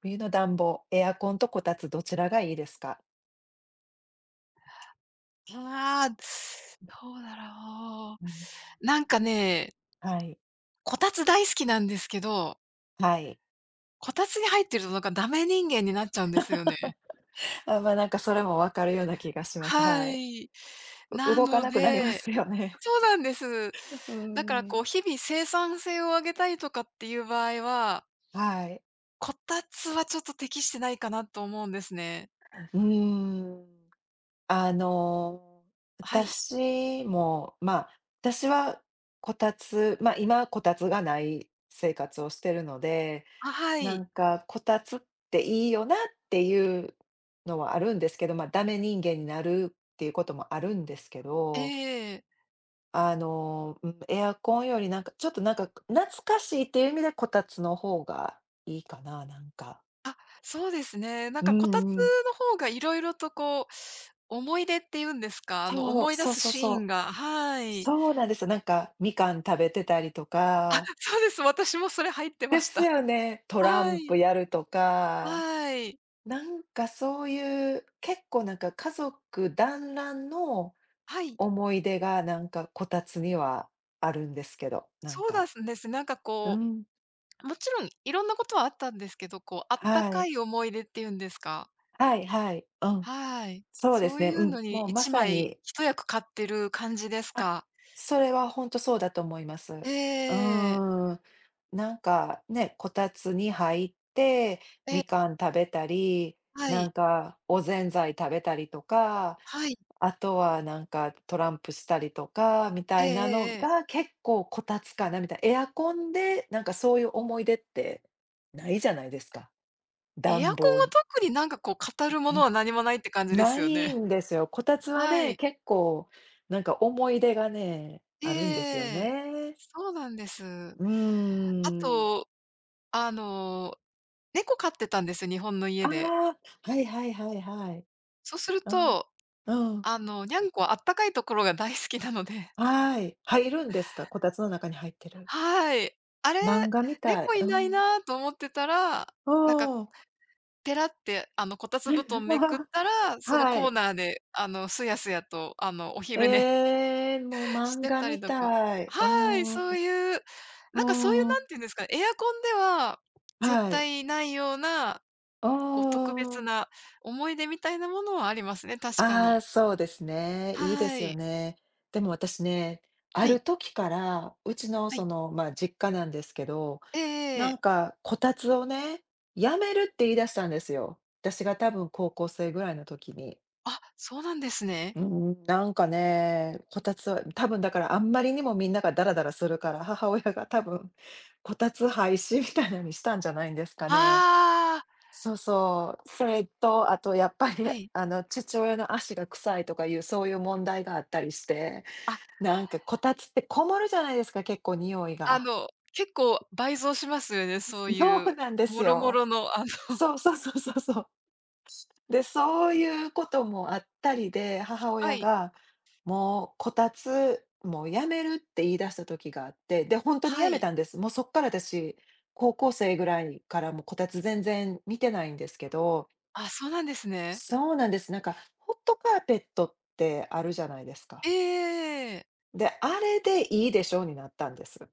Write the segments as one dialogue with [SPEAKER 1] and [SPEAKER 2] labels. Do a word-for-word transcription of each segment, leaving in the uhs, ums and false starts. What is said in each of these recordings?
[SPEAKER 1] 冬の暖房エアコンとこたつどちらがいいですか？
[SPEAKER 2] ああ、どうだろ
[SPEAKER 1] うん。
[SPEAKER 2] う。なんかね
[SPEAKER 1] はい。
[SPEAKER 2] こたつ大好きなんですけど
[SPEAKER 1] はい。
[SPEAKER 2] こたつに入ってるとなんかダメ人間になっちゃうんですよね。
[SPEAKER 1] あ、ま、なんかそれも分かるような気がします。
[SPEAKER 2] は
[SPEAKER 1] はい。
[SPEAKER 2] い。
[SPEAKER 1] う
[SPEAKER 2] な
[SPEAKER 1] 動か
[SPEAKER 2] の
[SPEAKER 1] なくなりま
[SPEAKER 2] で、
[SPEAKER 1] すよね。
[SPEAKER 2] そうなんです。
[SPEAKER 1] う
[SPEAKER 2] だから
[SPEAKER 1] ー
[SPEAKER 2] こう
[SPEAKER 1] ん。
[SPEAKER 2] 日々生産性を上げたいとかっていう場合は
[SPEAKER 1] はい。
[SPEAKER 2] こたつはちょっと適してないかなと思うんですね。
[SPEAKER 1] うーん、あの、
[SPEAKER 2] はい。
[SPEAKER 1] 私もまあ、私はこたつま、今はこたつがない生活をしてるので、
[SPEAKER 2] あ、は
[SPEAKER 1] な
[SPEAKER 2] い。
[SPEAKER 1] んかこたつっていいよなっていうのはあるんですけど、まあダメ人間になるっていうこともあるんですけど
[SPEAKER 2] ええ。
[SPEAKER 1] あの、んエアコンよりなんか、ちょっとなんか懐かしいっていう意味でこたつの方がいいかな、なんか。
[SPEAKER 2] あ、そうですね。なん
[SPEAKER 1] う
[SPEAKER 2] か
[SPEAKER 1] ん
[SPEAKER 2] こたつ
[SPEAKER 1] うん。
[SPEAKER 2] の方が色々とこう思い出って言うんですかあの、
[SPEAKER 1] そう、
[SPEAKER 2] 思い出
[SPEAKER 1] そう
[SPEAKER 2] す
[SPEAKER 1] そう
[SPEAKER 2] シ
[SPEAKER 1] そ
[SPEAKER 2] ーン
[SPEAKER 1] う。
[SPEAKER 2] が、はい。
[SPEAKER 1] そうなんですよ。なんか、みかん食べてたりと
[SPEAKER 2] あ、
[SPEAKER 1] か
[SPEAKER 2] そうです。私もそれ入ってま
[SPEAKER 1] で
[SPEAKER 2] し
[SPEAKER 1] す
[SPEAKER 2] た。
[SPEAKER 1] よね、トラ
[SPEAKER 2] は
[SPEAKER 1] ンプ
[SPEAKER 2] い。
[SPEAKER 1] やるとか。
[SPEAKER 2] はい。
[SPEAKER 1] なんかそういう、結構なんか家族団らんの
[SPEAKER 2] はい。
[SPEAKER 1] 思い出がなんかこたつにはあるんですけど、なん
[SPEAKER 2] そうだ
[SPEAKER 1] か。
[SPEAKER 2] すんです。なんか
[SPEAKER 1] うー
[SPEAKER 2] こ
[SPEAKER 1] ん。
[SPEAKER 2] う、もちろん色んなことはあったんですけど、こうあった
[SPEAKER 1] は
[SPEAKER 2] か
[SPEAKER 1] い。
[SPEAKER 2] い思い出っていうんですか。
[SPEAKER 1] はいはい。うん。
[SPEAKER 2] はい。
[SPEAKER 1] そうで
[SPEAKER 2] そ
[SPEAKER 1] す
[SPEAKER 2] う
[SPEAKER 1] ね。
[SPEAKER 2] い
[SPEAKER 1] う
[SPEAKER 2] う
[SPEAKER 1] ん、
[SPEAKER 2] のに
[SPEAKER 1] もうま
[SPEAKER 2] 一
[SPEAKER 1] さ
[SPEAKER 2] 枚
[SPEAKER 1] に。
[SPEAKER 2] 一役買ってる感じです
[SPEAKER 1] あ、
[SPEAKER 2] か。
[SPEAKER 1] それはほんとそうだと思います。う
[SPEAKER 2] ええ。
[SPEAKER 1] ーん。なんか、ね、こたつに入って、
[SPEAKER 2] え。
[SPEAKER 1] みかん食べたり、
[SPEAKER 2] は
[SPEAKER 1] な
[SPEAKER 2] い。
[SPEAKER 1] んかおぜんざい食べたりとか。
[SPEAKER 2] はい。
[SPEAKER 1] あとはなんかトランプしたりとか、みた
[SPEAKER 2] ええ
[SPEAKER 1] いな
[SPEAKER 2] え
[SPEAKER 1] の
[SPEAKER 2] えええ。
[SPEAKER 1] が結構こたつかな、みたい。エアコンで、なんかそういう思い出ってないじゃないですか。
[SPEAKER 2] エアコン
[SPEAKER 1] 暖
[SPEAKER 2] は
[SPEAKER 1] 房
[SPEAKER 2] 特になんかこう語るものは何もないって感じで
[SPEAKER 1] な
[SPEAKER 2] すよね？
[SPEAKER 1] いんですよ、こたつは
[SPEAKER 2] は
[SPEAKER 1] ね、
[SPEAKER 2] い。
[SPEAKER 1] 結構なんか思い出がね、あるんですよ
[SPEAKER 2] ええ、
[SPEAKER 1] ね。
[SPEAKER 2] そうなんです。
[SPEAKER 1] うー
[SPEAKER 2] あ
[SPEAKER 1] ん。
[SPEAKER 2] と、あの猫飼ってたんです、日本の
[SPEAKER 1] あ
[SPEAKER 2] 家で。
[SPEAKER 1] あ、はいはいはいはい。
[SPEAKER 2] そうする
[SPEAKER 1] うん。
[SPEAKER 2] と、
[SPEAKER 1] うん。
[SPEAKER 2] あの、ニャンコ、あったかいところが大好きなので。
[SPEAKER 1] はい、入るんですか？こたつの中に入ってる。
[SPEAKER 2] はい。あれ、
[SPEAKER 1] 漫画みたい、
[SPEAKER 2] 猫、
[SPEAKER 1] う
[SPEAKER 2] い
[SPEAKER 1] ー
[SPEAKER 2] ない
[SPEAKER 1] ん。
[SPEAKER 2] なと思ってたら、
[SPEAKER 1] う
[SPEAKER 2] なんか、
[SPEAKER 1] ーん。
[SPEAKER 2] ペラってあのこたつ
[SPEAKER 1] え、
[SPEAKER 2] 布
[SPEAKER 1] う
[SPEAKER 2] 団めくっ
[SPEAKER 1] わ。
[SPEAKER 2] たら、その
[SPEAKER 1] は
[SPEAKER 2] コー
[SPEAKER 1] い。
[SPEAKER 2] ナーであの、すやすやとあのお昼寝
[SPEAKER 1] ええ、もう
[SPEAKER 2] し
[SPEAKER 1] 漫
[SPEAKER 2] て
[SPEAKER 1] 画
[SPEAKER 2] た
[SPEAKER 1] み
[SPEAKER 2] りとか。
[SPEAKER 1] たい。うー
[SPEAKER 2] はい、
[SPEAKER 1] ん。
[SPEAKER 2] そう
[SPEAKER 1] う
[SPEAKER 2] いうなんかそういう、
[SPEAKER 1] ー
[SPEAKER 2] 何
[SPEAKER 1] ん。
[SPEAKER 2] て言うんですかね、エアコンでは絶
[SPEAKER 1] はい。
[SPEAKER 2] 対ないような、
[SPEAKER 1] あ
[SPEAKER 2] こう特別
[SPEAKER 1] あ。
[SPEAKER 2] な思い出みたいなものはありますね、確か
[SPEAKER 1] ああ、
[SPEAKER 2] に。
[SPEAKER 1] そうですね。いいで
[SPEAKER 2] は
[SPEAKER 1] すよ
[SPEAKER 2] い。
[SPEAKER 1] ね。でも私ね、あ
[SPEAKER 2] はい。
[SPEAKER 1] る時から、うちの
[SPEAKER 2] は
[SPEAKER 1] そ
[SPEAKER 2] い。
[SPEAKER 1] の、まあ実家なんですけど、
[SPEAKER 2] えええ
[SPEAKER 1] な
[SPEAKER 2] え。
[SPEAKER 1] んかこたつをね、やめるって言い出したんですよ。私が多分高校生ぐらいの時に。
[SPEAKER 2] あ、そうなんですね。
[SPEAKER 1] うーん、なんかね、こたつは多分だから、あんまりにもみんながダラダラするから、母親が多分こたつ廃止みたいなにしたんじゃないんですかね。
[SPEAKER 2] ああ。
[SPEAKER 1] そうそう。それと、あとやっぱり
[SPEAKER 2] はい。
[SPEAKER 1] あの父親の足が臭いとかいう、そういう問題があったりして、
[SPEAKER 2] あ。
[SPEAKER 1] なんかこたつってこもるじゃないですか、結構匂い
[SPEAKER 2] あ
[SPEAKER 1] が。
[SPEAKER 2] の、結構倍増しますよね、そうい
[SPEAKER 1] そう
[SPEAKER 2] う、
[SPEAKER 1] なんです
[SPEAKER 2] もろも
[SPEAKER 1] よ。
[SPEAKER 2] ろの、あの。
[SPEAKER 1] そうそうそうそうそう。で、そういうこともあったりで、母
[SPEAKER 2] は
[SPEAKER 1] 親
[SPEAKER 2] い。
[SPEAKER 1] が、もうこたつ、もうやめるって言い出した時があって、で、本当に
[SPEAKER 2] は
[SPEAKER 1] やめ
[SPEAKER 2] い。
[SPEAKER 1] たんです。もう、そっから私高校生ぐらいからもうこたつ全然見てないんですけど。
[SPEAKER 2] あ、そうなんですね。
[SPEAKER 1] そうなんです。なんかホットカーペットってあるじゃないです
[SPEAKER 2] え
[SPEAKER 1] か？
[SPEAKER 2] えええええ。
[SPEAKER 1] で、あれでいいでしょうになったんです。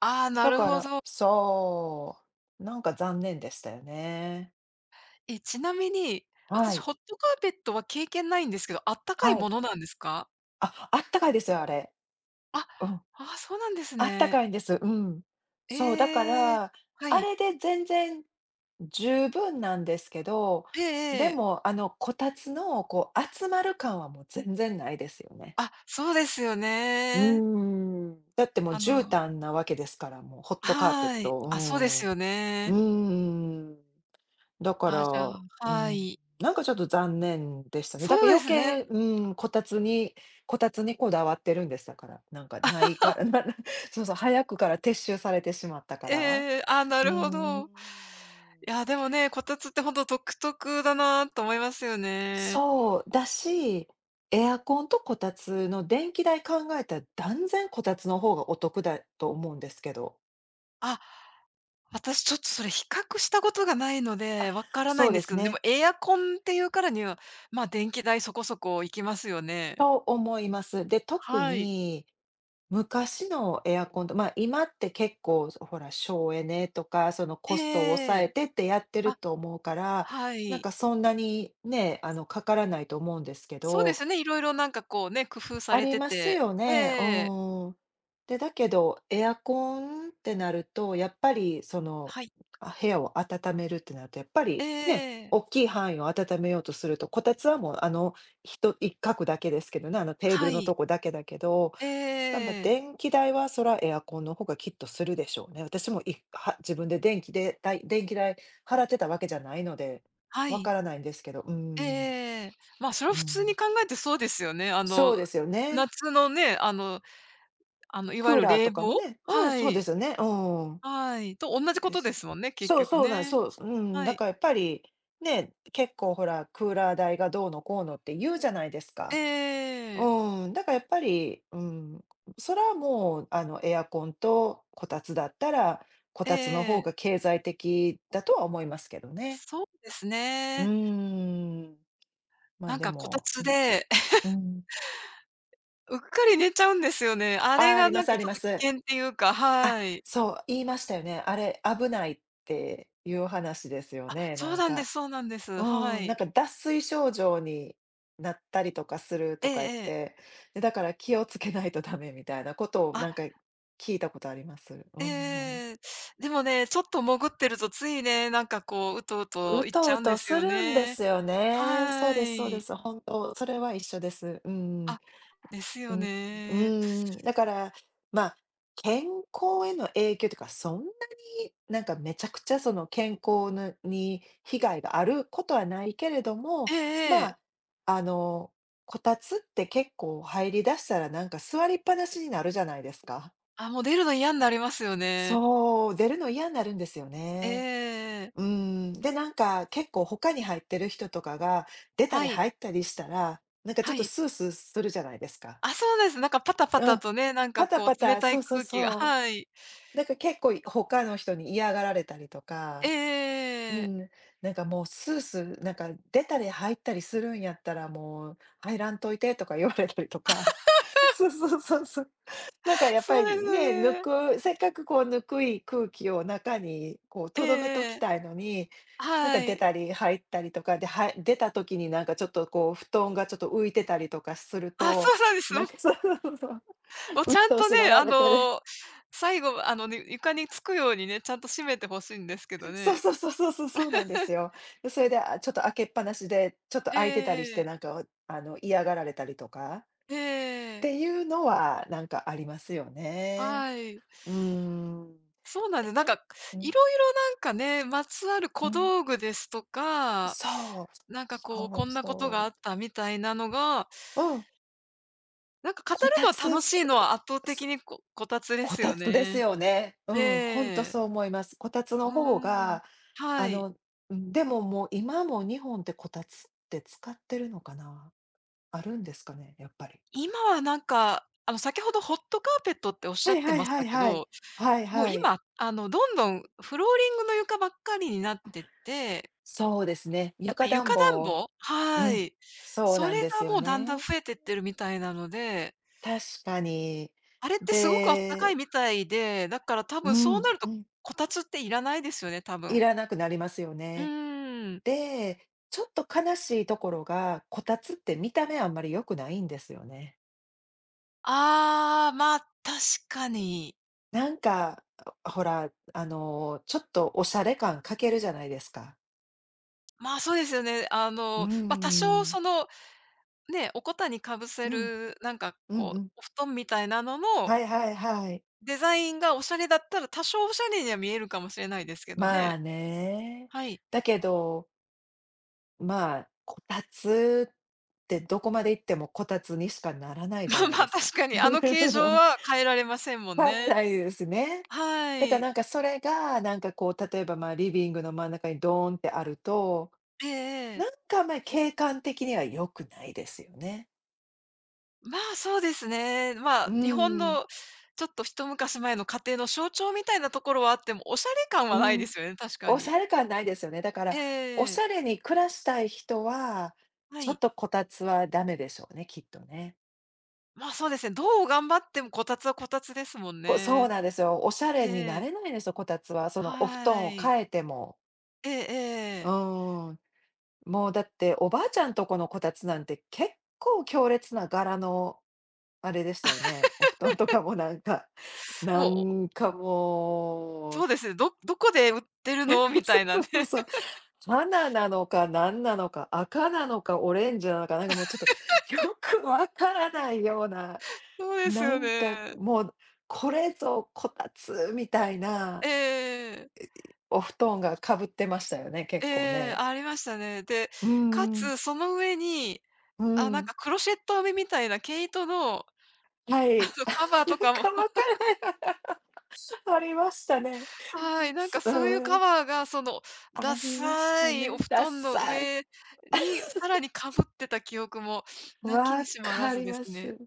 [SPEAKER 2] ああ、な
[SPEAKER 1] だ
[SPEAKER 2] る
[SPEAKER 1] か
[SPEAKER 2] ほ
[SPEAKER 1] ら、
[SPEAKER 2] ど。
[SPEAKER 1] そう、なんか残念でしたよね。
[SPEAKER 2] え、ちなみに、
[SPEAKER 1] は
[SPEAKER 2] 私
[SPEAKER 1] い。
[SPEAKER 2] ホットカーペットは経験ないんですけど、あったかい
[SPEAKER 1] はい。
[SPEAKER 2] ものなんですか？
[SPEAKER 1] あ、あったかいですよ、あれ。
[SPEAKER 2] あ、
[SPEAKER 1] うん。
[SPEAKER 2] ああ、そうなんです
[SPEAKER 1] あった
[SPEAKER 2] ね。
[SPEAKER 1] かいんです、うん。そう、だか
[SPEAKER 2] ええ、
[SPEAKER 1] ら、
[SPEAKER 2] は
[SPEAKER 1] あ
[SPEAKER 2] い。
[SPEAKER 1] れで全然十分なんですけど、
[SPEAKER 2] えええ
[SPEAKER 1] で
[SPEAKER 2] え。
[SPEAKER 1] もあのこたつのこう、集まる感はもう全然ないですよね。
[SPEAKER 2] あ、そうですよ
[SPEAKER 1] う
[SPEAKER 2] ね。
[SPEAKER 1] ーん。だってもう
[SPEAKER 2] あ
[SPEAKER 1] 絨
[SPEAKER 2] の
[SPEAKER 1] 毯なわけですから、もう、ホットカーペッ
[SPEAKER 2] はい。あ、そうです
[SPEAKER 1] ト、
[SPEAKER 2] よ
[SPEAKER 1] うーん。う
[SPEAKER 2] ね。
[SPEAKER 1] ーん。だか
[SPEAKER 2] あ、じゃ
[SPEAKER 1] ら
[SPEAKER 2] あ
[SPEAKER 1] う
[SPEAKER 2] は
[SPEAKER 1] ん、
[SPEAKER 2] い。
[SPEAKER 1] なんかちょっと残念でしたね。だ
[SPEAKER 2] そ
[SPEAKER 1] か
[SPEAKER 2] うで
[SPEAKER 1] 余
[SPEAKER 2] すね。
[SPEAKER 1] 計うーん、こたつにこたつにこだわってるんです、だから。なんか、ないか らなそうそう、早くから撤収されてしまったか
[SPEAKER 2] ええ
[SPEAKER 1] ら。
[SPEAKER 2] ええ、あ、な
[SPEAKER 1] うー
[SPEAKER 2] るほど。
[SPEAKER 1] ん。
[SPEAKER 2] いや、でもね、こたつってほんと独特だなと思いますよね。
[SPEAKER 1] そう、だし、エアコンとこたつの電気代考えたら断然こたつの方がお得だと思うんですけど。
[SPEAKER 2] あ、私ちょっとそれ比較したことがないの
[SPEAKER 1] あ、
[SPEAKER 2] で、分からな
[SPEAKER 1] そ
[SPEAKER 2] い
[SPEAKER 1] う
[SPEAKER 2] んで
[SPEAKER 1] で
[SPEAKER 2] す
[SPEAKER 1] す
[SPEAKER 2] けど、でも
[SPEAKER 1] ね。
[SPEAKER 2] エアコンっていうからには、まあ、電気代そこそこいきますよね。
[SPEAKER 1] と、思います。で、特
[SPEAKER 2] はい。
[SPEAKER 1] に、昔のエアコンとま、今って結構、そ、ほら、省エネとか、その
[SPEAKER 2] え
[SPEAKER 1] コストを抑
[SPEAKER 2] ええ
[SPEAKER 1] え
[SPEAKER 2] え。
[SPEAKER 1] てってやってる
[SPEAKER 2] あ、
[SPEAKER 1] と思うから、
[SPEAKER 2] は
[SPEAKER 1] なん
[SPEAKER 2] い。
[SPEAKER 1] かそんなに、ね、あのかからないと思うんですけ
[SPEAKER 2] そうで
[SPEAKER 1] ど
[SPEAKER 2] すね、色々なんかこうね、工夫さ
[SPEAKER 1] あ
[SPEAKER 2] れ
[SPEAKER 1] り
[SPEAKER 2] て
[SPEAKER 1] ます
[SPEAKER 2] て
[SPEAKER 1] よ
[SPEAKER 2] え
[SPEAKER 1] ね。う
[SPEAKER 2] え。
[SPEAKER 1] ーん。で、だけど、エアコンってなると、やっぱりその、
[SPEAKER 2] はい。
[SPEAKER 1] あ、部屋を温めるってなるとやっぱ
[SPEAKER 2] え
[SPEAKER 1] り、ね、
[SPEAKER 2] え。
[SPEAKER 1] おっきい範囲を温めようとすると、こたつはもうあの、ひと一角だけですけどね、あのテーブ
[SPEAKER 2] は
[SPEAKER 1] ルのと
[SPEAKER 2] い
[SPEAKER 1] こだけだけど。ばんば
[SPEAKER 2] ええ。
[SPEAKER 1] 電気代はそらエアコンの方がきっとするでしょうね。私もいは自分で電気でだい電気代払ってたわけじゃないので、
[SPEAKER 2] は
[SPEAKER 1] わ
[SPEAKER 2] い。
[SPEAKER 1] からないんですけど、うー
[SPEAKER 2] え
[SPEAKER 1] ん。
[SPEAKER 2] えええ。ま、それ
[SPEAKER 1] う
[SPEAKER 2] は普通に
[SPEAKER 1] ん。
[SPEAKER 2] 考えてそうですよね。あ
[SPEAKER 1] そうで
[SPEAKER 2] の
[SPEAKER 1] すよね。
[SPEAKER 2] 夏のね、あのあの、いわ
[SPEAKER 1] ク
[SPEAKER 2] ゆ
[SPEAKER 1] ー
[SPEAKER 2] る
[SPEAKER 1] ラー
[SPEAKER 2] 冷
[SPEAKER 1] とかも
[SPEAKER 2] 房
[SPEAKER 1] ねうん、
[SPEAKER 2] は
[SPEAKER 1] そうで
[SPEAKER 2] い、
[SPEAKER 1] すよね。うん。
[SPEAKER 2] はい、とおんなじこ
[SPEAKER 1] で
[SPEAKER 2] とで
[SPEAKER 1] す。
[SPEAKER 2] すもんね、結
[SPEAKER 1] そう、
[SPEAKER 2] 局
[SPEAKER 1] そうなんす、
[SPEAKER 2] ね。
[SPEAKER 1] そうすうん。
[SPEAKER 2] は
[SPEAKER 1] だ
[SPEAKER 2] い。
[SPEAKER 1] か、やっぱり、ね、結構ほら、クーラー代がどうのこうのって言うじゃないですか。
[SPEAKER 2] え
[SPEAKER 1] う
[SPEAKER 2] え。
[SPEAKER 1] ーん。だか、やっぱり、うん、それはもうあのエアコンとこたつだったら、こ
[SPEAKER 2] え
[SPEAKER 1] たつの方が
[SPEAKER 2] え。
[SPEAKER 1] 経済的だとは思いますけどね。
[SPEAKER 2] そうです
[SPEAKER 1] う
[SPEAKER 2] ね。
[SPEAKER 1] ーん、ま、
[SPEAKER 2] なん
[SPEAKER 1] で
[SPEAKER 2] かこた
[SPEAKER 1] も
[SPEAKER 2] つ
[SPEAKER 1] うん。
[SPEAKER 2] で
[SPEAKER 1] う ん。
[SPEAKER 2] うっかり寝ちゃうんですよね。あ
[SPEAKER 1] あ
[SPEAKER 2] れ
[SPEAKER 1] あ、あ
[SPEAKER 2] が
[SPEAKER 1] りま
[SPEAKER 2] なん
[SPEAKER 1] すあ
[SPEAKER 2] かち
[SPEAKER 1] り
[SPEAKER 2] ょっ
[SPEAKER 1] ま
[SPEAKER 2] と危
[SPEAKER 1] す。
[SPEAKER 2] 険っていうか、
[SPEAKER 1] あ、
[SPEAKER 2] はい。
[SPEAKER 1] そう、言いましたよね。あれ、危ないっていう話ですよ
[SPEAKER 2] あ、
[SPEAKER 1] ね、
[SPEAKER 2] そ
[SPEAKER 1] な
[SPEAKER 2] う
[SPEAKER 1] ん
[SPEAKER 2] なんで
[SPEAKER 1] か
[SPEAKER 2] すそうなんです。
[SPEAKER 1] う
[SPEAKER 2] は
[SPEAKER 1] ーん、な
[SPEAKER 2] い。
[SPEAKER 1] んか脱水症状になったりとかする
[SPEAKER 2] ええ
[SPEAKER 1] とか言っ
[SPEAKER 2] ええ。
[SPEAKER 1] て、で、だから気をつけないとダメみたいなことを
[SPEAKER 2] あ。
[SPEAKER 1] なんか聞いたことあります。うん。
[SPEAKER 2] ええ、でもね、ちょっと潜ってるとついね、なんかこう、うとう
[SPEAKER 1] う
[SPEAKER 2] といっち
[SPEAKER 1] と
[SPEAKER 2] ゃ
[SPEAKER 1] う
[SPEAKER 2] うん
[SPEAKER 1] と
[SPEAKER 2] です
[SPEAKER 1] す
[SPEAKER 2] よ
[SPEAKER 1] るんで
[SPEAKER 2] ね。
[SPEAKER 1] すよね。そう
[SPEAKER 2] は
[SPEAKER 1] ですそうで
[SPEAKER 2] い。
[SPEAKER 1] す。本当それは一緒です。うーん。
[SPEAKER 2] あ、です
[SPEAKER 1] う
[SPEAKER 2] よ
[SPEAKER 1] ん、う
[SPEAKER 2] ね。
[SPEAKER 1] ん、だから、ま、健康への影響ていうか、そんなになんかめちゃくちゃその健康ぬに、被害があることはないけれど
[SPEAKER 2] え
[SPEAKER 1] も、
[SPEAKER 2] えええ。
[SPEAKER 1] ま、あのこたつって結構入りだしたらなんか座りっぱなしになるじゃないですか。
[SPEAKER 2] あ、もう出るの嫌んなりますよね。
[SPEAKER 1] そう、出るのいやんなるんですよね。
[SPEAKER 2] ええ。
[SPEAKER 1] うーん。で、なんか結構他に入ってる人とかが、出た
[SPEAKER 2] は
[SPEAKER 1] り
[SPEAKER 2] い。
[SPEAKER 1] 入ったりしたら、なんかちょ
[SPEAKER 2] は
[SPEAKER 1] っと
[SPEAKER 2] い。
[SPEAKER 1] スースーするじゃないですか。
[SPEAKER 2] あ、そうです。なんかパタパ
[SPEAKER 1] う
[SPEAKER 2] タ
[SPEAKER 1] ん、
[SPEAKER 2] とね、なんか
[SPEAKER 1] パタ
[SPEAKER 2] こ
[SPEAKER 1] パ
[SPEAKER 2] う冷
[SPEAKER 1] タ、
[SPEAKER 2] た
[SPEAKER 1] そ
[SPEAKER 2] い
[SPEAKER 1] うそう
[SPEAKER 2] 空気が、
[SPEAKER 1] そう。
[SPEAKER 2] はい。
[SPEAKER 1] なんか結構い他の人に嫌がられたりとか、う
[SPEAKER 2] ええ。
[SPEAKER 1] ん、なんかもうスースーなんか出たり入ったりするんやったらもう入らんといてとか言われたりとか。そ うそうそうそう。なんかやっ
[SPEAKER 2] そ
[SPEAKER 1] ぱ
[SPEAKER 2] う
[SPEAKER 1] り
[SPEAKER 2] ですよ
[SPEAKER 1] ね、ぬ
[SPEAKER 2] ね。
[SPEAKER 1] くせっかくこう、温い空気を中にこう、
[SPEAKER 2] ええ
[SPEAKER 1] とどめとき
[SPEAKER 2] ええ。
[SPEAKER 1] たいのに、なんか
[SPEAKER 2] は
[SPEAKER 1] 出
[SPEAKER 2] い。
[SPEAKER 1] たり入ったりとかで、は出た時になんかちょっとこう布団がちょっと浮いてたりとかする
[SPEAKER 2] あ、そ
[SPEAKER 1] と、
[SPEAKER 2] そうです、
[SPEAKER 1] な
[SPEAKER 2] も
[SPEAKER 1] ん
[SPEAKER 2] う。
[SPEAKER 1] かそうそうそうそう。
[SPEAKER 2] もうちゃ
[SPEAKER 1] 鬱
[SPEAKER 2] ん
[SPEAKER 1] 陶
[SPEAKER 2] と
[SPEAKER 1] し
[SPEAKER 2] ね、
[SPEAKER 1] がら
[SPEAKER 2] あ
[SPEAKER 1] れてる。
[SPEAKER 2] の最後あの、にゅ床につくようにね、ちゃんと閉めて欲しいんですけど
[SPEAKER 1] そう
[SPEAKER 2] ね。
[SPEAKER 1] そうそうそうそう、そうなんです よ。で、それで、あ、ちょっと開けっぱなしで、ちょっと
[SPEAKER 2] え
[SPEAKER 1] 開いてたりして
[SPEAKER 2] え。
[SPEAKER 1] なんか、おあの嫌がられたりとかっ
[SPEAKER 2] ええ。
[SPEAKER 1] ていうのはなんかありますよね。
[SPEAKER 2] はい。
[SPEAKER 1] うーん。
[SPEAKER 2] そうなんで、なん
[SPEAKER 1] てん
[SPEAKER 2] か
[SPEAKER 1] うん。
[SPEAKER 2] 色々なんかね、まつわる
[SPEAKER 1] う
[SPEAKER 2] 小
[SPEAKER 1] ん。
[SPEAKER 2] 道具ですとか、
[SPEAKER 1] そう、
[SPEAKER 2] なんかこう
[SPEAKER 1] そう
[SPEAKER 2] こんなこと
[SPEAKER 1] そ
[SPEAKER 2] が
[SPEAKER 1] う。
[SPEAKER 2] あったみたいなのが
[SPEAKER 1] うん。
[SPEAKER 2] なんか語
[SPEAKER 1] こた
[SPEAKER 2] るの楽
[SPEAKER 1] つ、
[SPEAKER 2] しいのは圧倒
[SPEAKER 1] そ
[SPEAKER 2] 的にここたつで
[SPEAKER 1] こ
[SPEAKER 2] す
[SPEAKER 1] た
[SPEAKER 2] よ
[SPEAKER 1] つです
[SPEAKER 2] ね。
[SPEAKER 1] よね。うん、ほんと
[SPEAKER 2] ええ。
[SPEAKER 1] そう思います。こたつ
[SPEAKER 2] う
[SPEAKER 1] の方
[SPEAKER 2] ーん、
[SPEAKER 1] が
[SPEAKER 2] は
[SPEAKER 1] あ
[SPEAKER 2] い。
[SPEAKER 1] の、でももう今も日本ってこたつって使ってるのかな？あるんですかね？やっぱり。
[SPEAKER 2] 今はなんか、あの、先ほどホットカーペットっておっし
[SPEAKER 1] は
[SPEAKER 2] ゃ
[SPEAKER 1] い
[SPEAKER 2] って
[SPEAKER 1] はい
[SPEAKER 2] まし
[SPEAKER 1] は
[SPEAKER 2] た
[SPEAKER 1] い
[SPEAKER 2] け
[SPEAKER 1] はい。
[SPEAKER 2] ど、
[SPEAKER 1] はい
[SPEAKER 2] もう
[SPEAKER 1] はい。
[SPEAKER 2] 今、あの、どんどんフローリングの床ばっかりになっ
[SPEAKER 1] あ、
[SPEAKER 2] てって
[SPEAKER 1] そうですね、
[SPEAKER 2] やっぱ
[SPEAKER 1] 床
[SPEAKER 2] り床
[SPEAKER 1] 暖
[SPEAKER 2] 暖
[SPEAKER 1] 房
[SPEAKER 2] 房
[SPEAKER 1] う
[SPEAKER 2] は
[SPEAKER 1] ん、
[SPEAKER 2] い。
[SPEAKER 1] そう
[SPEAKER 2] そ
[SPEAKER 1] なん
[SPEAKER 2] れ
[SPEAKER 1] です
[SPEAKER 2] が
[SPEAKER 1] よ
[SPEAKER 2] もうだん
[SPEAKER 1] ね。
[SPEAKER 2] だん増えてってるみたいなので
[SPEAKER 1] 確かに、
[SPEAKER 2] あれってすごくあったかい
[SPEAKER 1] で
[SPEAKER 2] みたいで、だから多
[SPEAKER 1] うー
[SPEAKER 2] 分そう
[SPEAKER 1] ん、
[SPEAKER 2] なる
[SPEAKER 1] う
[SPEAKER 2] と
[SPEAKER 1] ん。
[SPEAKER 2] こたつっていらないですよね、多
[SPEAKER 1] い
[SPEAKER 2] 分。
[SPEAKER 1] らなくなりますよ
[SPEAKER 2] う
[SPEAKER 1] ね。
[SPEAKER 2] ーん。
[SPEAKER 1] で、ちょっと悲しいところが、こたつって見た目あんまり良くないんですよね。
[SPEAKER 2] ああ、まあ、確かに。
[SPEAKER 1] なんか、ほら、あの、ちょっとおしゃれ感欠けるじゃないですか。
[SPEAKER 2] まあ、そうですよね。あ
[SPEAKER 1] うん、
[SPEAKER 2] の、
[SPEAKER 1] う
[SPEAKER 2] ま、多少
[SPEAKER 1] ーん。
[SPEAKER 2] その、ね、おこたにかぶ
[SPEAKER 1] う
[SPEAKER 2] せ
[SPEAKER 1] ん。
[SPEAKER 2] るなんか
[SPEAKER 1] うん
[SPEAKER 2] こ
[SPEAKER 1] う
[SPEAKER 2] う
[SPEAKER 1] ん。
[SPEAKER 2] お布団みたいなのの
[SPEAKER 1] はいはいはい。
[SPEAKER 2] デザインがおしゃれだったら、多少おしゃれには見えるかもしれないですけど
[SPEAKER 1] ま
[SPEAKER 2] ね。
[SPEAKER 1] あね。
[SPEAKER 2] はい。
[SPEAKER 1] だけどまあ、こたつってどこまでいってもこたつにしかならないじゃ
[SPEAKER 2] まあ
[SPEAKER 1] ない
[SPEAKER 2] ま
[SPEAKER 1] で
[SPEAKER 2] あ
[SPEAKER 1] す
[SPEAKER 2] 確
[SPEAKER 1] か。
[SPEAKER 2] かにあの形状 は変えられませんもん
[SPEAKER 1] 変わら
[SPEAKER 2] ね。
[SPEAKER 1] ないですね。
[SPEAKER 2] は
[SPEAKER 1] だから
[SPEAKER 2] い。
[SPEAKER 1] なんかそれがなんかこう、例えばまあ、リビングの真ん中にドーンってあると、
[SPEAKER 2] ええええ。
[SPEAKER 1] なんかあんまり景観的には良くないですよね。
[SPEAKER 2] まあ、そうですね、まあ、
[SPEAKER 1] う
[SPEAKER 2] 日本
[SPEAKER 1] ん。
[SPEAKER 2] のちょっと一昔前の家庭の象徴みたいなところはあっても、おしゃれ感
[SPEAKER 1] う
[SPEAKER 2] はない
[SPEAKER 1] ん、
[SPEAKER 2] ですよね、確か
[SPEAKER 1] おし
[SPEAKER 2] に。
[SPEAKER 1] ゃれ感ないですよね。だから、お
[SPEAKER 2] え
[SPEAKER 1] し
[SPEAKER 2] え。
[SPEAKER 1] ゃれに暮らしたい人は、
[SPEAKER 2] は
[SPEAKER 1] ちょっ
[SPEAKER 2] い。
[SPEAKER 1] とこたつはダメでしょうね、きっとね。
[SPEAKER 2] まあ、そうですね。どう頑張ってもこたつはこたつですもん
[SPEAKER 1] こう、そう
[SPEAKER 2] ね。
[SPEAKER 1] なんですよ。おしゃれに
[SPEAKER 2] え
[SPEAKER 1] な
[SPEAKER 2] え。
[SPEAKER 1] れないんですよ、こたつは。そのお布団
[SPEAKER 2] は
[SPEAKER 1] を
[SPEAKER 2] い。
[SPEAKER 1] 替えても。
[SPEAKER 2] ええ-
[SPEAKER 1] う
[SPEAKER 2] ええ。
[SPEAKER 1] ーん。もうだって、おばあちゃんとこのこたつなんて結構強烈な柄のあれでしたよね。お布団とか もなんか、な
[SPEAKER 2] もう。
[SPEAKER 1] んかも
[SPEAKER 2] そ
[SPEAKER 1] う。
[SPEAKER 2] うですね、どどこで売ってる
[SPEAKER 1] え、
[SPEAKER 2] の？み
[SPEAKER 1] そ
[SPEAKER 2] た
[SPEAKER 1] う
[SPEAKER 2] いな
[SPEAKER 1] そ
[SPEAKER 2] ね。
[SPEAKER 1] うそうそう、花なのか何なのか、赤なのかオレンジなのか、なんかもうちょっと よくわからないような、
[SPEAKER 2] そうです
[SPEAKER 1] な
[SPEAKER 2] よ
[SPEAKER 1] んか
[SPEAKER 2] ね。
[SPEAKER 1] もうこれぞこたつみたいな。
[SPEAKER 2] ええ。
[SPEAKER 1] お布団がかぶってましたよね、
[SPEAKER 2] え
[SPEAKER 1] 結構
[SPEAKER 2] え、
[SPEAKER 1] ね。
[SPEAKER 2] ありましたね。で、
[SPEAKER 1] う
[SPEAKER 2] か
[SPEAKER 1] んうん。
[SPEAKER 2] つその上に、
[SPEAKER 1] う
[SPEAKER 2] あ、なん
[SPEAKER 1] ん。
[SPEAKER 2] かクロシェット編みみたいな毛糸の、
[SPEAKER 1] は
[SPEAKER 2] あ
[SPEAKER 1] い。
[SPEAKER 2] の
[SPEAKER 1] あ、
[SPEAKER 2] カバー
[SPEAKER 1] な
[SPEAKER 2] と
[SPEAKER 1] ん
[SPEAKER 2] かも。
[SPEAKER 1] かわかるわ。ありましたね。
[SPEAKER 2] はい、なんかそういう
[SPEAKER 1] う
[SPEAKER 2] カ
[SPEAKER 1] ん。
[SPEAKER 2] バーがその
[SPEAKER 1] あ
[SPEAKER 2] ダ
[SPEAKER 1] りまし
[SPEAKER 2] サ
[SPEAKER 1] た
[SPEAKER 2] いお
[SPEAKER 1] ね、
[SPEAKER 2] 布
[SPEAKER 1] ダッ
[SPEAKER 2] 団の
[SPEAKER 1] サい。
[SPEAKER 2] 上にさらにか ぶってた記憶もなきに
[SPEAKER 1] 分
[SPEAKER 2] しもあら
[SPEAKER 1] か
[SPEAKER 2] ず
[SPEAKER 1] り
[SPEAKER 2] です
[SPEAKER 1] ま
[SPEAKER 2] ね。
[SPEAKER 1] す。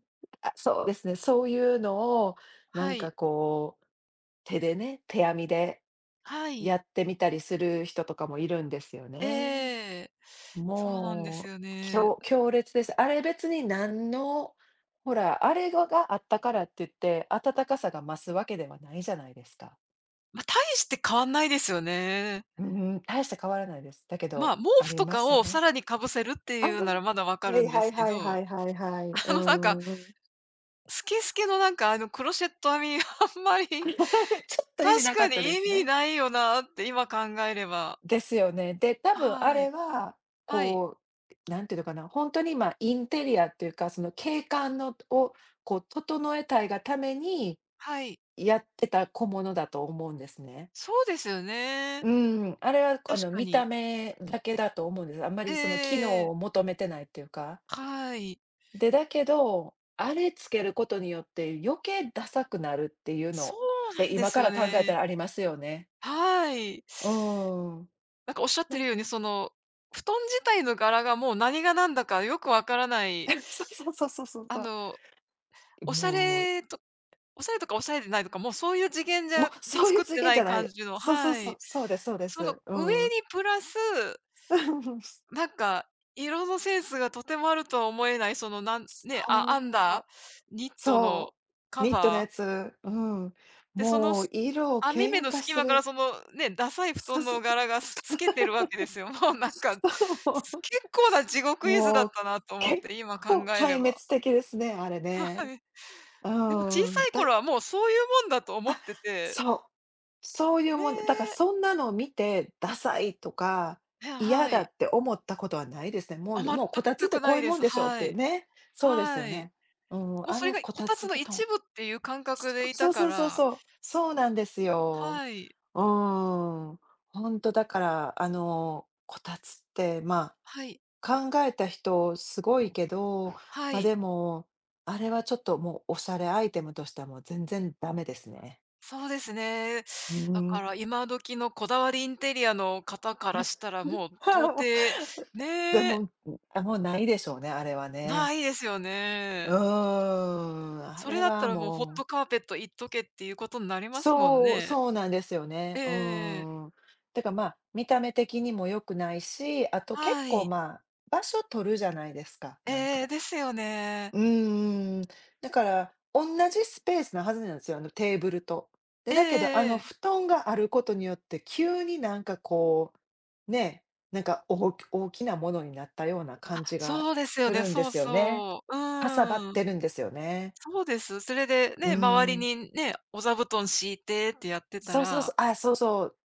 [SPEAKER 1] あ、そうですね、そういうのをな
[SPEAKER 2] は
[SPEAKER 1] ん
[SPEAKER 2] い。
[SPEAKER 1] かこう、手でね、手編みで
[SPEAKER 2] はい。
[SPEAKER 1] やってみたりする人とかもいるんですよね。
[SPEAKER 2] ええ、そうなんです
[SPEAKER 1] も
[SPEAKER 2] よ
[SPEAKER 1] う、き
[SPEAKER 2] ね。
[SPEAKER 1] ょう強烈です。あれ別に何の、ほら、あれがあったからっていって、暖かさが増すわけではないじゃないですか。
[SPEAKER 2] ま、大して変わんないですよね。
[SPEAKER 1] うんうん、大して変わらないです。だけ
[SPEAKER 2] まあ、
[SPEAKER 1] ど
[SPEAKER 2] 毛
[SPEAKER 1] あ
[SPEAKER 2] 布
[SPEAKER 1] り
[SPEAKER 2] と
[SPEAKER 1] ま
[SPEAKER 2] か
[SPEAKER 1] した
[SPEAKER 2] をさ
[SPEAKER 1] ね。
[SPEAKER 2] らに被せるって
[SPEAKER 1] あ、
[SPEAKER 2] い
[SPEAKER 1] ふん
[SPEAKER 2] う
[SPEAKER 1] ふん。
[SPEAKER 2] ならまだ分
[SPEAKER 1] き
[SPEAKER 2] かる
[SPEAKER 1] れい、
[SPEAKER 2] んで
[SPEAKER 1] は
[SPEAKER 2] す
[SPEAKER 1] い
[SPEAKER 2] け
[SPEAKER 1] はいは
[SPEAKER 2] ど、
[SPEAKER 1] いはいはい、う
[SPEAKER 2] あのなんか、
[SPEAKER 1] んうん。
[SPEAKER 2] スケスケのなんかあのクロシェット編み、あんまり、
[SPEAKER 1] ちょっと意味
[SPEAKER 2] 確
[SPEAKER 1] なか
[SPEAKER 2] か
[SPEAKER 1] っ
[SPEAKER 2] に
[SPEAKER 1] たで
[SPEAKER 2] 意
[SPEAKER 1] す
[SPEAKER 2] 味
[SPEAKER 1] ね。
[SPEAKER 2] ないよなって今考えれば。
[SPEAKER 1] ですよね。で、たぶんあ
[SPEAKER 2] は
[SPEAKER 1] れ
[SPEAKER 2] い。
[SPEAKER 1] は、
[SPEAKER 2] はい。
[SPEAKER 1] こう、何ていうのかな、ほんとにまあ、インテリアっていうか、その景観のを、こう整えたいがために
[SPEAKER 2] はい。
[SPEAKER 1] やってた小物だと思うんですね。
[SPEAKER 2] そうですよね。
[SPEAKER 1] うーん、あれは、こあ
[SPEAKER 2] 確
[SPEAKER 1] の
[SPEAKER 2] か
[SPEAKER 1] 見た
[SPEAKER 2] に。
[SPEAKER 1] 目だけだと思うんです。あんまりその機
[SPEAKER 2] え
[SPEAKER 1] 能
[SPEAKER 2] え。
[SPEAKER 1] を求めてないっていうか。
[SPEAKER 2] はい。
[SPEAKER 1] で、だけど、あれつけることによって余計ダサくなるっていう
[SPEAKER 2] そ
[SPEAKER 1] のっ
[SPEAKER 2] うな
[SPEAKER 1] て、
[SPEAKER 2] んで
[SPEAKER 1] 今
[SPEAKER 2] す
[SPEAKER 1] か
[SPEAKER 2] よ
[SPEAKER 1] ら考えた
[SPEAKER 2] ね。
[SPEAKER 1] らありますよね。
[SPEAKER 2] はい。
[SPEAKER 1] うーん。
[SPEAKER 2] なんかおっしゃって
[SPEAKER 1] な
[SPEAKER 2] る
[SPEAKER 1] ん
[SPEAKER 2] ように、その、布団自体の柄がもう何が何だかよくわからない。
[SPEAKER 1] そうそうそうそうそうそ
[SPEAKER 2] あ
[SPEAKER 1] う。
[SPEAKER 2] の、
[SPEAKER 1] い
[SPEAKER 2] おしゃ
[SPEAKER 1] もう
[SPEAKER 2] れとおしゃれとかおしゃれでないとかもうそういう次元じ
[SPEAKER 1] も
[SPEAKER 2] ゃ
[SPEAKER 1] う、
[SPEAKER 2] で
[SPEAKER 1] そうい
[SPEAKER 2] 作
[SPEAKER 1] う
[SPEAKER 2] っ
[SPEAKER 1] 次
[SPEAKER 2] て
[SPEAKER 1] 元
[SPEAKER 2] な
[SPEAKER 1] じゃ
[SPEAKER 2] い
[SPEAKER 1] ない
[SPEAKER 2] 感
[SPEAKER 1] の。
[SPEAKER 2] じの
[SPEAKER 1] そうそう
[SPEAKER 2] は
[SPEAKER 1] そう、
[SPEAKER 2] い。
[SPEAKER 1] そうですそうで
[SPEAKER 2] その
[SPEAKER 1] す。う
[SPEAKER 2] 上に
[SPEAKER 1] ん。
[SPEAKER 2] プラス [unintelligible]
[SPEAKER 1] うん。
[SPEAKER 2] なんか色のセンスがとてもあるとは思えない、そのなん
[SPEAKER 1] つ
[SPEAKER 2] ね、
[SPEAKER 1] と
[SPEAKER 2] あ編ん
[SPEAKER 1] う。
[SPEAKER 2] だニットの
[SPEAKER 1] そう。
[SPEAKER 2] カ
[SPEAKER 1] ニットの
[SPEAKER 2] バ
[SPEAKER 1] や
[SPEAKER 2] ー
[SPEAKER 1] つ。うん。
[SPEAKER 2] で、その
[SPEAKER 1] もう
[SPEAKER 2] す
[SPEAKER 1] 色、
[SPEAKER 2] 網目
[SPEAKER 1] 喧
[SPEAKER 2] の
[SPEAKER 1] 嘩し
[SPEAKER 2] 隙
[SPEAKER 1] て
[SPEAKER 2] 間から
[SPEAKER 1] る。
[SPEAKER 2] その、ね、ダサい布
[SPEAKER 1] そう
[SPEAKER 2] 団
[SPEAKER 1] そう
[SPEAKER 2] の
[SPEAKER 1] そう。
[SPEAKER 2] 柄がす透けてるわけですよ。もうなんか、
[SPEAKER 1] そう。
[SPEAKER 2] す
[SPEAKER 1] そ
[SPEAKER 2] 結構な地
[SPEAKER 1] う、
[SPEAKER 2] 獄絵図だ
[SPEAKER 1] も
[SPEAKER 2] っ
[SPEAKER 1] う
[SPEAKER 2] たなと思っ
[SPEAKER 1] 結
[SPEAKER 2] て、今考
[SPEAKER 1] 構
[SPEAKER 2] えれ
[SPEAKER 1] 壊滅
[SPEAKER 2] ば。
[SPEAKER 1] 的ですね、あれ
[SPEAKER 2] は
[SPEAKER 1] ね。
[SPEAKER 2] はい。
[SPEAKER 1] う
[SPEAKER 2] でも小
[SPEAKER 1] ん。
[SPEAKER 2] さい
[SPEAKER 1] だい
[SPEAKER 2] 頃はもうそういうもんだと思っ
[SPEAKER 1] あ、
[SPEAKER 2] てて。
[SPEAKER 1] そう。そういうもん、だから
[SPEAKER 2] ね。
[SPEAKER 1] そんなのを見て「ダサい」とか
[SPEAKER 2] いや、
[SPEAKER 1] 「嫌
[SPEAKER 2] は
[SPEAKER 1] だ」
[SPEAKER 2] い。
[SPEAKER 1] って思ったことはないですね。もう、
[SPEAKER 2] あ、
[SPEAKER 1] ど
[SPEAKER 2] まっ
[SPEAKER 1] もう、「こ
[SPEAKER 2] た
[SPEAKER 1] たつっ
[SPEAKER 2] た
[SPEAKER 1] て
[SPEAKER 2] く
[SPEAKER 1] こ
[SPEAKER 2] な
[SPEAKER 1] うい
[SPEAKER 2] い
[SPEAKER 1] う
[SPEAKER 2] で
[SPEAKER 1] もん
[SPEAKER 2] す。
[SPEAKER 1] でしょ」っ
[SPEAKER 2] は
[SPEAKER 1] て
[SPEAKER 2] い。
[SPEAKER 1] ね。そうですよ
[SPEAKER 2] はい。
[SPEAKER 1] ね。うん、
[SPEAKER 2] もう
[SPEAKER 1] あ
[SPEAKER 2] それ
[SPEAKER 1] の
[SPEAKER 2] が
[SPEAKER 1] こ
[SPEAKER 2] こ
[SPEAKER 1] た
[SPEAKER 2] たつ
[SPEAKER 1] つ
[SPEAKER 2] の
[SPEAKER 1] 布団。
[SPEAKER 2] 一部っていう感覚でい
[SPEAKER 1] そ
[SPEAKER 2] た
[SPEAKER 1] う
[SPEAKER 2] か
[SPEAKER 1] そうそうそう
[SPEAKER 2] ら。
[SPEAKER 1] そう。そうなんですよ。
[SPEAKER 2] はい。
[SPEAKER 1] うーん。ほんとだから、あの、こたつって、ま
[SPEAKER 2] はい。
[SPEAKER 1] あ、考えた人すごいけど、
[SPEAKER 2] は
[SPEAKER 1] ま、
[SPEAKER 2] い。
[SPEAKER 1] でも、あれはちょっともうおしゃれアイテムとしてはもう全然ダメですね。
[SPEAKER 2] そうですね。
[SPEAKER 1] う
[SPEAKER 2] だ
[SPEAKER 1] ん。
[SPEAKER 2] から、今時のこだわりインテリアの方から したらもう
[SPEAKER 1] はい、
[SPEAKER 2] 到
[SPEAKER 1] もう。
[SPEAKER 2] 底、
[SPEAKER 1] でも、
[SPEAKER 2] ね。
[SPEAKER 1] ん、あ、もうないでしょうね、あれはね。
[SPEAKER 2] 無いですよ
[SPEAKER 1] うー
[SPEAKER 2] ね。
[SPEAKER 1] ん、あ
[SPEAKER 2] それ
[SPEAKER 1] れ
[SPEAKER 2] だった
[SPEAKER 1] は
[SPEAKER 2] らもう、「ホッ
[SPEAKER 1] もう
[SPEAKER 2] トカーペットいっとけ」っていうことになりますもん
[SPEAKER 1] そう
[SPEAKER 2] ね。
[SPEAKER 1] そうなんですよ
[SPEAKER 2] え
[SPEAKER 1] ね。
[SPEAKER 2] ええ
[SPEAKER 1] う
[SPEAKER 2] えええ。
[SPEAKER 1] ーん。てか、まあ、見た目的にも良くないし、あと結
[SPEAKER 2] は
[SPEAKER 1] 構
[SPEAKER 2] い。
[SPEAKER 1] まあ、場所取るじゃないですか、
[SPEAKER 2] ええ
[SPEAKER 1] なん
[SPEAKER 2] ええ、
[SPEAKER 1] か。
[SPEAKER 2] ですよね。
[SPEAKER 1] うんうん。だから、おんなじスペースなはずなんですよ、あの、テーブルと。で、
[SPEAKER 2] ええ
[SPEAKER 1] だけどあ
[SPEAKER 2] えええ
[SPEAKER 1] の
[SPEAKER 2] え。
[SPEAKER 1] 布団があることによって急になんかこう、ね、なんか、おおき大きなものになったような
[SPEAKER 2] あ、
[SPEAKER 1] 感じが
[SPEAKER 2] そうですよ
[SPEAKER 1] す
[SPEAKER 2] ね、
[SPEAKER 1] るんで
[SPEAKER 2] そう
[SPEAKER 1] すよね。
[SPEAKER 2] そう、
[SPEAKER 1] かさばっ
[SPEAKER 2] うん。
[SPEAKER 1] てるんですよね。
[SPEAKER 2] そうです。それで
[SPEAKER 1] う
[SPEAKER 2] ね、周り
[SPEAKER 1] ん。
[SPEAKER 2] にね、お座布団敷いてってやってた
[SPEAKER 1] そうそう
[SPEAKER 2] ら
[SPEAKER 1] そう、あ、そうそ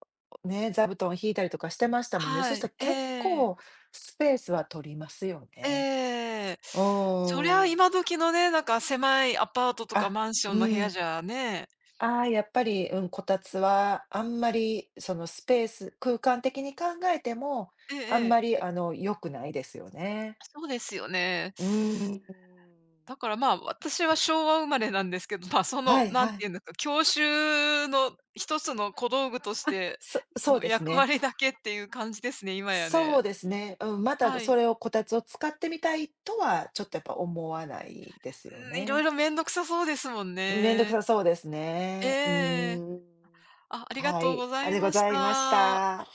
[SPEAKER 1] う、ね、座布団敷いたりとかしてましたもんね。そ
[SPEAKER 2] は
[SPEAKER 1] し
[SPEAKER 2] い、
[SPEAKER 1] たら
[SPEAKER 2] え
[SPEAKER 1] 結
[SPEAKER 2] え。
[SPEAKER 1] 構スペースは取りますよね。
[SPEAKER 2] ええ。
[SPEAKER 1] う
[SPEAKER 2] そりゃ
[SPEAKER 1] ーん。
[SPEAKER 2] 今時のね、なんか狭いアパートとか
[SPEAKER 1] あ、
[SPEAKER 2] マンショ
[SPEAKER 1] う
[SPEAKER 2] ンの部屋
[SPEAKER 1] ん。
[SPEAKER 2] じゃね
[SPEAKER 1] ああ、やっぱり、うん、こたつはあんまりその、スペース空間的に考えても、
[SPEAKER 2] ええ
[SPEAKER 1] あん
[SPEAKER 2] ええ。
[SPEAKER 1] まりあの良くないですよね。
[SPEAKER 2] そうですよね。
[SPEAKER 1] うーん。
[SPEAKER 2] だから、まあ私は昭和生まれなんですけど、まあ、そ
[SPEAKER 1] は
[SPEAKER 2] の
[SPEAKER 1] い
[SPEAKER 2] 何
[SPEAKER 1] は
[SPEAKER 2] て
[SPEAKER 1] い。
[SPEAKER 2] 言うんですか、郷愁のひとつの小道具とし
[SPEAKER 1] あ、
[SPEAKER 2] て
[SPEAKER 1] そそう
[SPEAKER 2] の
[SPEAKER 1] です
[SPEAKER 2] 役
[SPEAKER 1] ね。
[SPEAKER 2] 割だけっていう感じですね、今や
[SPEAKER 1] そう
[SPEAKER 2] ね。
[SPEAKER 1] ですね。うん、また
[SPEAKER 2] は
[SPEAKER 1] そ
[SPEAKER 2] い。
[SPEAKER 1] れを、こたつを使ってみたいとは、ちょっとやっぱ思わないです
[SPEAKER 2] う
[SPEAKER 1] よ
[SPEAKER 2] ーん、色
[SPEAKER 1] ね。
[SPEAKER 2] 々めんどくさそうですもん
[SPEAKER 1] うん、めんどく
[SPEAKER 2] ね。
[SPEAKER 1] さそうですね、う
[SPEAKER 2] ええ。
[SPEAKER 1] ん。
[SPEAKER 2] あ、ありが
[SPEAKER 1] は
[SPEAKER 2] とうご
[SPEAKER 1] い、
[SPEAKER 2] ざ
[SPEAKER 1] あ
[SPEAKER 2] い
[SPEAKER 1] り、ご
[SPEAKER 2] まし
[SPEAKER 1] ざいまし
[SPEAKER 2] た。
[SPEAKER 1] た。